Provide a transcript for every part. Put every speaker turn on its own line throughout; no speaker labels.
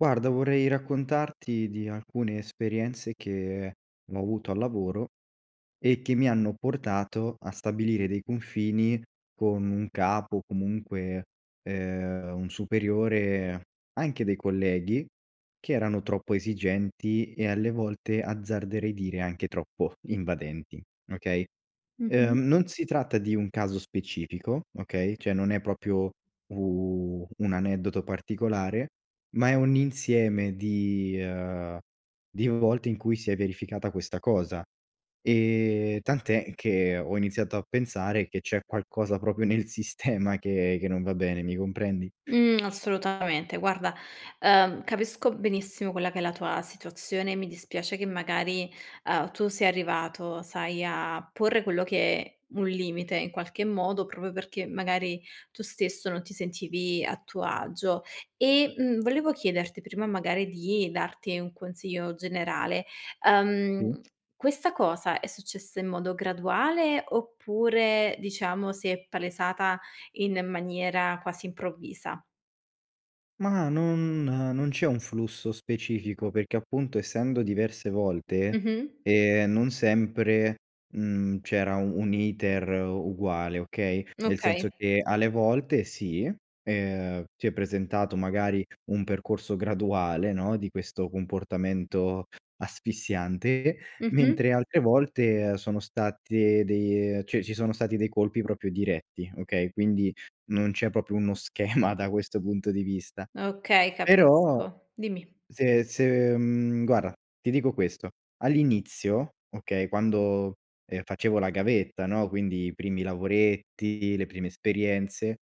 Guarda, vorrei raccontarti di alcune esperienze che ho avuto al lavoro e che mi hanno portato a stabilire dei confini con un capo o comunque, ehm, un superiore, anche dei colleghi che erano troppo esigenti e, alle volte, azzarderei dire, anche troppo invadenti, okay.
Mh-mh.
Ehm, non si tratta di un caso specifico, okay, cioè, non è proprio u un aneddoto particolare, ma è un insieme di, ehm, di volte, in cui si è verificata questa cosa, e tant'è che ho iniziato a pensare, che c'è qualcosa proprio nel sistema che che non va bene, mi comprendi?
Mhmm, assolutamente. Guarda, ehm, capisco benissimo quella che è la tua situazione e mi dispiace che, magari, uhm, tu sei arrivato, sai, a porre quello che un limite, in qualche modo, proprio perché, magari, tu stesso non ti sentivi a tuo agio. E, mhmm, volevo chiederti prima, magari, di darti un consiglio generale: ehm,
[unintelligible]
questa cosa, è successa in modo graduale, oppure, diciamo, si è palesata in maniera quasi improvvisa?
Mah, non non c'è un flusso specifico, perché, appunto, essendo diverse volte,
Mh-mh.
ehm, non sempre, mhmm, c'era u un' iter uguale, okay, nel senso
Okay.
che, alle volte si, ehm, si è presentato, magari, un percorso graduale, no, di questo comportamento asfissiante,
Mh-mh.
mentre altre volte, ehm, sono state de cioè, ci sono stati dei colpi proprio diretti, okay. Quindi non c'è proprio uno schema da questo punto di vista.
Okay,
Però,
capisco. Dimmi.
se se mhmm, guarda, ti dico questo: all'inizio, okay, quando, ehm, facevo la gavetta, no, quindi i primi lavoretti, le prime esperienze,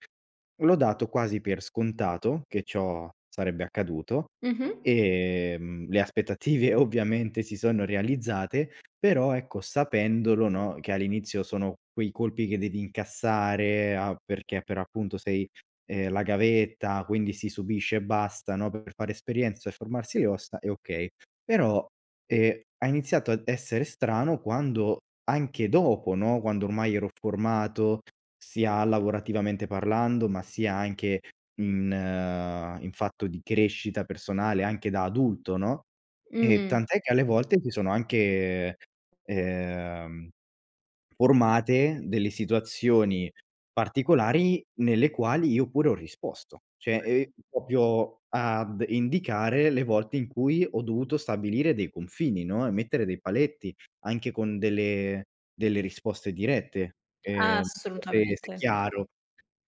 l'ho dato quasi per scontato, che ciò sarebbe accaduto
Mh-mh.
e, mhmm, le aspettative ovviamente si sono realizzate però, ecco, sapendolo, no, che all'inizio sono quei colpi che devi incassare a perché per appunto sei, ehm, la gavetta, quindi si subisce e basta, no, per fare esperienza e formarsi le ossa e okay, però, e ha iniziato a essere strano quando anche dopo, no, quando ormai ero formato, sia lavorativamente parlando, ma sia anche in in fatto di crescita personale, anche da adulto, no, e
Mhmm.
tant'è che alle volte si sono anche ehm, ehm, formate delle situazioni particolari, nelle quali io pure ho risposto. Cioè, e proprio ad indicare le volte in cui ho dovuto stabilire dei confini, no, e mettere dei paletti anche con delle delle risposte dirette. Ehm, [unintelligible] se se è
Assolutamente.
chiaro.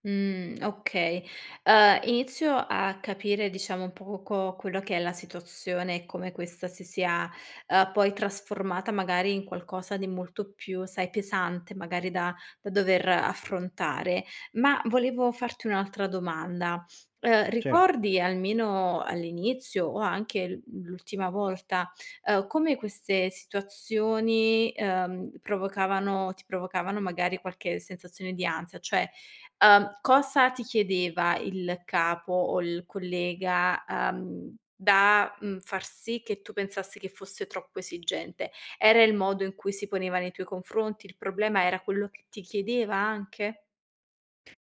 Mhmm, okay. Ehm, inizio a capire, diciamo, poco quello che è la situazione, e come questa si sia, ehm, poi trasformata, magari, in qualcosa di molto più, sai, pesante, magari, da da dover affrontare. Ma, volevo farti un'altra domanda: ehm,
Cer
ricordi, almeno all'inizio, o anche anche l l'ultima volta, ehm, come queste situazioni, ehm, provocavano ti provocavano, magari qualche sensazione di ansia, cioè, ehm, cosa ti chiedeva il capo o il collega, ehm, da, mhmm, far sì che tu pensassi che fosse troppo esigente? Era il modo in cui si poneva nei tuoi confronti? Il problema era quello che ti chiedeva anche?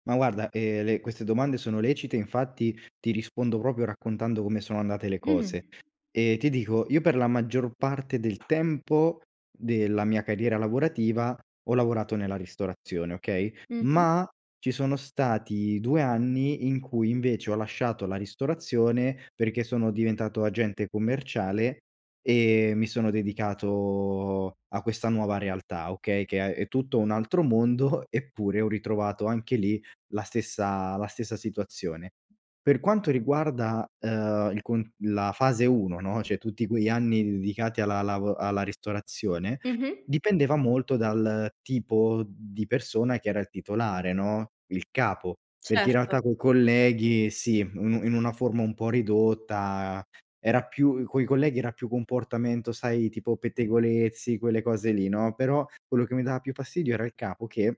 Ma guarda, ehm, le queste domande sono lecite, infatti, ti rispondo proprio raccontando come sono andate le cose.
Mh.
E ti dico, io per la maggior parte del tempo, della mia carriera lavorativa, ho lavorato nella ristorazione, okay,
Mh-mh.
ma, ci sono stati 2 anni in cui, invece, ho lasciato la ristorazione, perché sono diventato agente commerciale, e mi sono dedicato a questa nuova realtà, okay, Che ha è tutto un altro mondo, eppure ho ritrovato anche lì la stessa la stessa situazione. Per quanto riguarda, ehm, il con la fase 1, no, cioè tutti quegli anni dedicati alla lavo alla ristorazione,
Mh-mh.
dipendeva molto dal tipo di persona che era il titolare, no, il capo. Perché in
Certo.
realtà coi colleghi, sì, un in una forma un po' ridotta, era più i coi colleghi era più comportamento, sai, tipo pettegolezzi, quelle cose lì, no, però, quello che mi dava più fastidio era il capo che,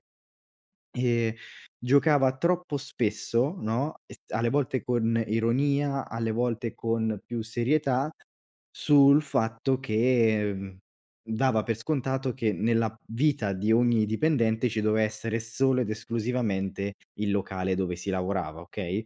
ehm, giocava troppo spesso, no, es alle volte con ironia, alle volte con più serietà sul fatto che, mhmm, dava per scontato che, nella vita di ogni dipendente ci doveva essere solo ed esclusivamente il locale dove si lavorava, okay.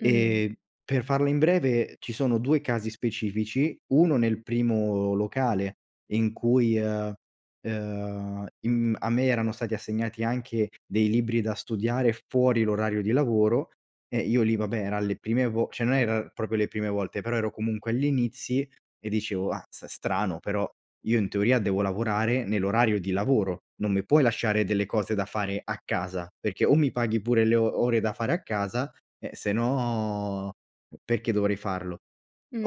Mhmm.
E per farla in breve, ci sono 2 casi specifici: 1 nel primo locale, in cui, ehm, ehm, im a me erano stati assegnati anche dei libri da studiare fuori l'orario di lavoro, e io lì, vabbè, eran le prime vo cioè non erano proprio le prime volte, però ero comunque agli inizi e dicevo: "Azz, strano però, io in teoria devo lavorare nell'orario di lavoro, non mi puoi lasciare delle cose da fare a casa, perché o mi paghi pure le o ore da fare a casa, eh, sennò perché dovrei farlo?"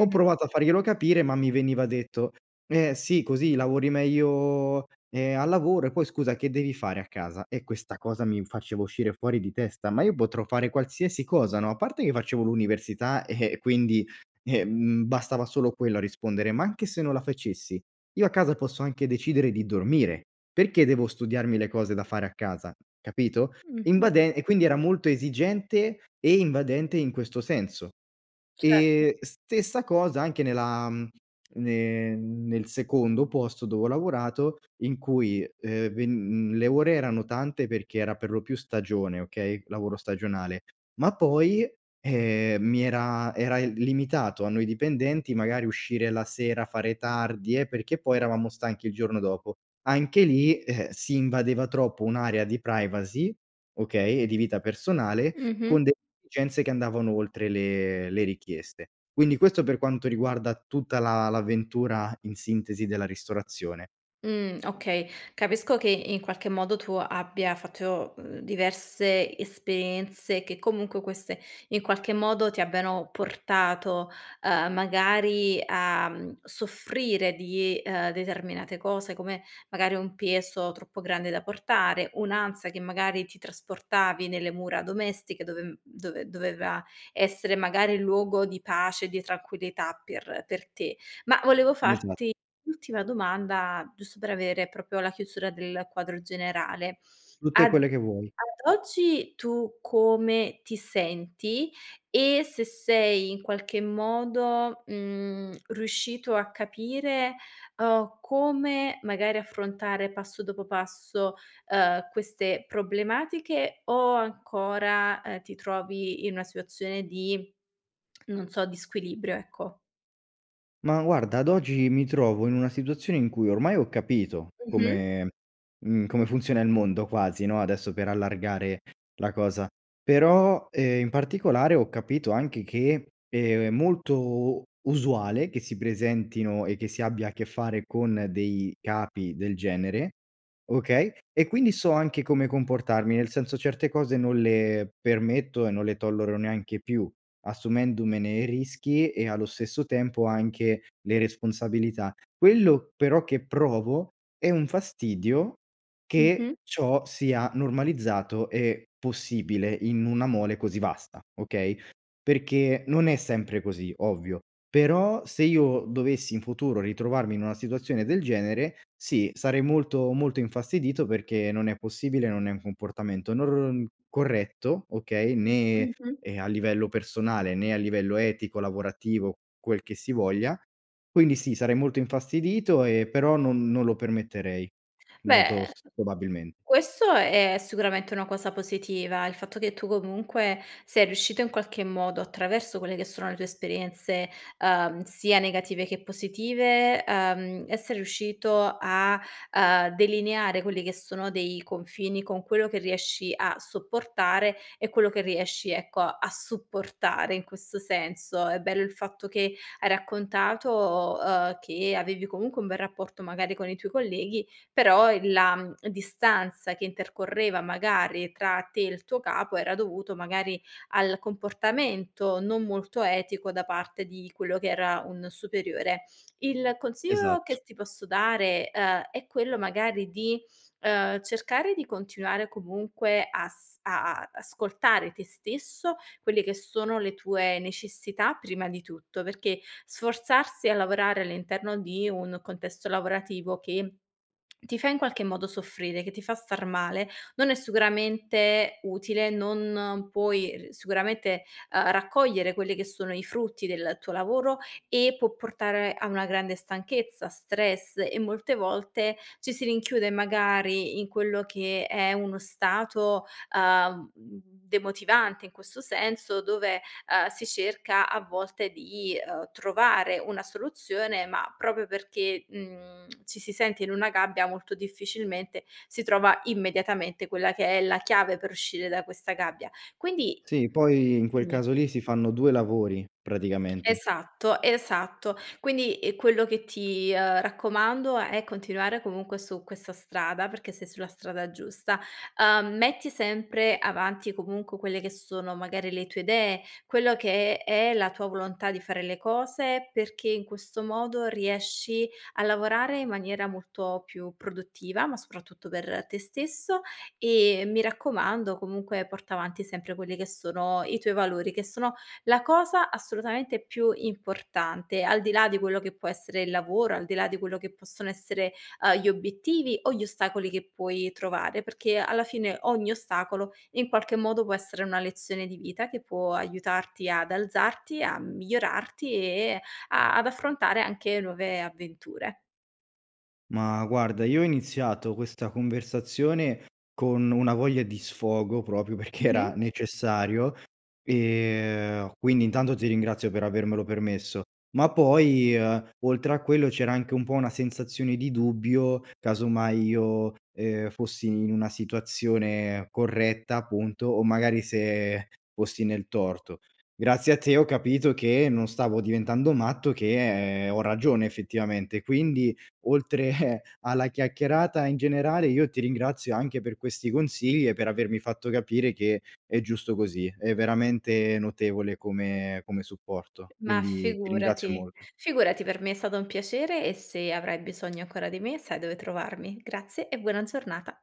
Ho provato a farglielo capire, ma mi veniva detto: "Eh, sì, così lavori meglio, ehm, al lavoro e poi, scusa, che devi fare a casa?" E questa cosa mi faceva uscire fuori di testa, ma io potrò fare qualsiasi cosa, no, a parte che facevo l'università, e quindi, bastava solo quello a rispondere, ma anche se non la facessi, io a casa posso anche decidere di dormire, perché devo studiarmi le cose da fare a casa, capito?
Mh-mh.
Invade e quindi era molto esigente e invadente in questo senso.
Cer
E stessa cosa anche nella, mhmm, ne nel secondo posto dove ho lavorato, in cui, ehm, ven le ore erano tante, perché era per lo più stagione, okay, lavoro stagionale, ma poi, ehm, mi era era i limitato a noi dipendenti magari uscire la sera, fare tardi, eh, perché poi eravamo stanchi il giorno dopo. Anche lì, si invadeva troppo un'area di privacy, okay, e di vita personale
Mh-mh.
con de [unintelligible] che andavano oltre le le richieste. Quindi, questo per quanto riguarda tutta la l'avventura, in sintesi, della ristorazione.
Mhmm, okay. Capisco che in qualche modo tu abbia fatto, uhm, diverse esperienze, e che comunque queste, in qualche modo, ti abbiano portato, uhm, magari, a soffrire di, uhm, determinate cose come, magari, un peso troppo grande da portare, un'ansa che magari ti trasportavi nelle mura domestiche dove dove doveva essere, magari, luogo di pace e di tranquillità per per te. Ma volevo
Esa
farti ultima domanda, giusto per avere proprio la chiusura del quadro generale.
Tutte
Ad
quelle che vuoi.
ad oggi, tu come ti senti, e se sei, in qualche modo, mhmm, riuscito a capire, uhm, come magari affrontare, passo dopo passo, uhm, queste problematiche o ancora, ehm, ti trovi in una situazione di, non so, di squilibrio, ecco?
Ma, guarda, ad oggi mi trovo in una situazione in cui ormai ho capito
Mh-mh.
come, mhmm, come funziona il mondo quasi, no, adesso, per allargare la cosa. Però, ehm, in particolare, ho capito anche che è molto u usuale che si presentino e che si abbia a che fare con dei capi del genere, okay, e quindi so anche come comportarmi, nel senso, certe cose non le permetto e non le tollero neanche più, assumendomene i rischi e, allo stesso tempo, anche le responsabilità. Quello, però, che provo, è un fastidio, che
Mh-mh.
ciò sia normalizzato e possibile in una mole così vasta, okay, perché non è sempre così, ovvio, però se io dovessi in futuro ritrovarmi in una situazione del genere, sì, sarei molto, molto infastidito perché non è possibile, non è un comportamento nor corretto, okay, né
Mh-mh.
e a livello personale, né a livello etico, lavorativo, quel che si voglia. Quindi sì, sarei molto infastidito e però non non lo permetterei molto
Beh,
s probabilmen
questo è sicuramente una cosa positiva, il fatto che tu, comunque, sei riuscito in qualche modo, attraverso quelle che sono le tue esperienze, uhm, sia negative che positive, uhm, essere riuscito a, ehm, delineare quelli che sono dei confini con quello che riesci a sopportare e quello che riesci, ecco, a supportare in questo senso. È bello il fatto che hai raccontato, uhm, che avevi comunque un bel rapporto, magari, con i tuoi colleghi, però il la distanza che intercorreva, magari, tra te e il tuo capo era dovuto, magari, al comportamento, non molto etico, da parte di quello che era un superiore. Il consiglio che
Esatto.
s ti posso dare, uhm, è quello magari di, uhm, cercare di continuare comunque as a a ascoltare te stesso, quelle che sono le tue necessità prima di tutto, perché sforzarsi a lavorare all'interno di un contesto lavorativo, che ti fa in qualche modo soffrire, che ti fa star male, non è sicuramente utile, non puoi sicuramente, uhm, raccogliere quelli che sono i frutti del tuo lavoro, e può portare a una grande stanchezza, stress e molte volte ci si rinchiude, magari, in quello che è uno stato, uhm, demotivante in questo senso, dove, uhm, si cerca a volte di, uhm, trovare una soluzione, ma proprio perché, mhmm, ci si sente in una gabbia, molto difficilmente, si trova immediatamente quella che è la chiave per uscire da questa gabbia. Quindi
Sì, poi in quel
dimmi.
caso lì si fanno 2 lavori, praticamente.
Esatto, esatto. Quindi e quello che ti, uhm, raccomando è continuare comunque su questa strada, perché sei sulla strada giusta. Uhm, metti sempre avanti, comunque, quelle che sono, magari, le tue idee, quello che è è la tua volontà di fare le cose, perché in questo modo riesci a lavorare in maniera molto più produttiva, ma soprattutto per te stesso e, mi raccomando, comunque porta avanti sempre quelli che sono i tuoi valori, che sono la cosa assolutamente più importante, al di là di quello che può essere il lavoro, al di là di quello che possono essere, uhm, gli obiettivi o gli ostacoli che puoi trovare. Perché alla fine ogni ostacolo, in qualche modo, può essere una lezione di vita che può aiutarti ad alzarti, a migliorarti e a ad affrontare anche nuove avventure.
Ma, guarda, io ho iniziato questa conversazione con una voglia di sfogo, proprio perché era
Mh-mh.
necessario, e quindi intanto ti ringrazio per avermelo permesso, ma poi, uhm, oltre a quello c'era anche un po' una sensazione di dubbio casomai io, uhm, fossi in una situazione corretta, appunto, o magari se fossi nel torto. Grazie a te ho capito che non stavo diventando matto, che ho ragione effettivamente. Quindi oltre alla chiacchierata, in generale, io ti ringrazio anche per questi consigli e per avermi fatto capire che è giusto così. È veramente notevole come come supporto,
Ma
quindi ti ringrazio
figurati.
molto.
Figurati, per me è stato un piacere e se avrai bisogno ancora di me sai dove trovarmi. Grazie e buona giornata!